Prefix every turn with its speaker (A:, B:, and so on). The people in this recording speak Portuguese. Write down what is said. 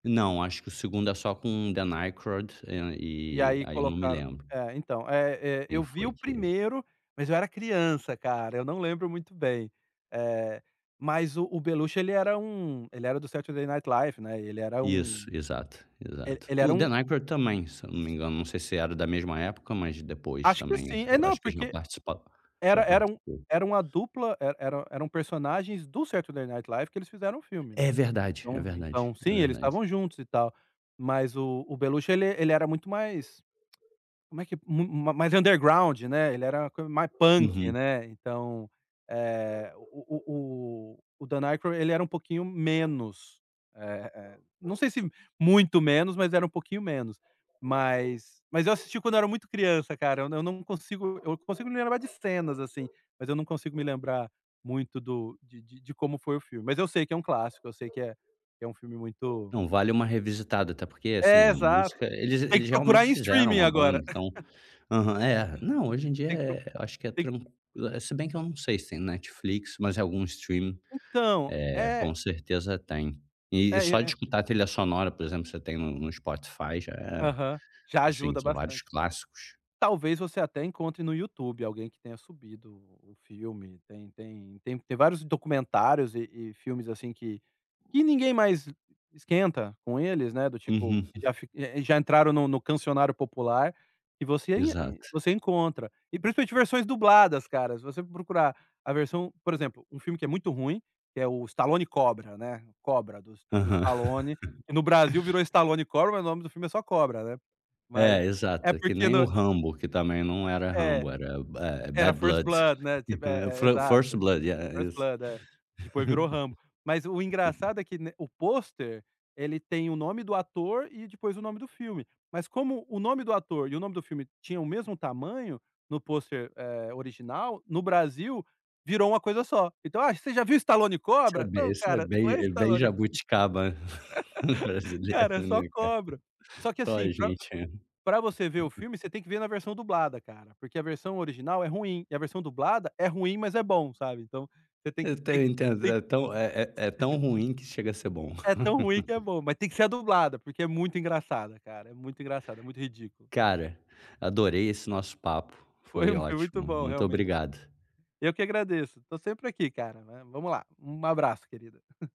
A: Não, acho que o segundo é só com o The Nycrad
B: E
A: e
B: aí
A: aí eu não me
B: colocaram
A: lembro
B: É, então, eh, eh,
A: quem
B: eu vi
A: foi
B: o
A: que
B: primeiro, mas eu era criança, cara, eu não lembro muito bem. Eh, mas o o Beluch ele era um ele era do Saturday Night Live, né, e ele era um
A: Isso, exato,
B: e
A: exato.
B: ele era
A: O The
B: um
A: Nycrad também, se eu não me engano, não sei se era da mesma época, mas depois
B: Acho que
A: também,
B: sim. É,
A: eu
B: não,
A: acho que já
B: porque
A: participa já
B: era era um
A: participou.
B: era uma dupla e era eram personagens do Saturday Night Live que eles fizeram o filme,
A: É
B: né.
A: verdade, é
B: Então
A: verdade,
B: então,
A: é
B: sim, eles
A: verdade.
B: estavam juntos e tal. Mas o o Beluchio, ele ele era muito mais, como é que mu mais underground, né. Ele era mais punk,
A: Uhum.
B: né. Então, eh, o o o Dan Nigro ele era um pouquinho menos. Eh eh, não sei se muito menos, mas era um pouquinho menos. Mas mas eu assisti quando eu era muito criança, cara. Eu eu não consigo me lembrar de cenas, assim. Mas eu não consigo me lembrar muito do de de como foi o filme. Mas eu sei que é um clássico. Eu sei que é que é um filme muito
A: Não, vale uma revisitada, até porque, assim,
B: É,
A: é
B: exato.
A: música eles
B: Tem que
A: eles realmente
B: procurar em
A: fizeram
B: streaming
A: uma
B: agora.
A: banda, então Aham. É. Não, hoje em dia,
B: Tem que procu
A: é eu acho que é
B: tem
A: tran é, se bem que eu não sei se tem no Netflix. Mas algum streaming,
B: Então,
A: eh,
B: é
A: com certeza tem.
B: É,
A: E
B: e
A: só de
B: é
A: escutar a trilha sonora, por exemplo, você tem no no Spotify, já é,
B: Aham. Já
A: assim
B: ajuda
A: são vários
B: bastante.
A: clássicos.
B: Talvez você até encontre no YouTube alguém que tenha subido o o filme. Tem tem tem tem vários documentários e e filmes, assim, que que ninguém mais esquenta com eles, né. Do tipo,
A: Uhum.
B: que já fi já entraram no no cancioneiro popular e você ai
A: Exato.
B: você encontra. E, principalmente, versões dubladas, cara. Se você for procurar a versão por exemplo, um filme que é muito ruim, que é o Stallone Cobra, né, Cobra do S do
A: Aham.
B: Stallone, que no Brasil virou Stallone Cobra. Mas o nome do filme é só Cobra, né. Mas
A: É,
B: é
A: exato. É que
B: porque
A: nem o
B: no
A: Rambo, que também não era
B: É.
A: Rambo, era, eh,
B: Era
A: Bad
B: First
A: Blood
B: Blood, né, tipo, é é,
A: Fo First
B: exato.
A: Blood, é,
B: First
A: isso.
B: Blood, é. Depois virou Rambo. Mas o engraçado é que, né, o pôster, ele tem o nome do ator e depois o nome do filme. Mas, como o nome do ator e o nome do filme tinham o mesmo tamanho no pôster, eh, original, no Brasil, virou uma coisa só. Então: "Ah, você já viu Stallone
A: Isso é
B: Cobra?"
A: bem
B: Não,
A: isso é
B: cara. Não
A: bem
B: é
A: é bem
B: Stallone
A: jabuticaba brasileira,
B: cara, é só
A: né, cara?
B: Cobra. Só que,
A: Só a
B: assim, pra
A: gente, né.
B: pra você ver o filme, você tem que ver na versão dublada, cara. Porque a versão original é ruim. E a versão dublada é ruim, mas é bom, sabe. Então, você tem
A: Eu
B: que tem
A: até
B: que
A: entendo. É tão é é é tão ruim que chega a ser bom.
B: É tão ruim que é bom. Mas tem que ser a dublada, porque é muito engraçada, cara, é muito engraçado, é muito ridículo.
A: Cara, adorei esse nosso papo.
B: Foi,
A: Foi
B: foi muito
A: ótimo,
B: bom
A: muito
B: realmente.
A: obrigado.
B: Eu que agradeço. Estou sempre aqui, cara, mas vamos lá. Um abraço, querido.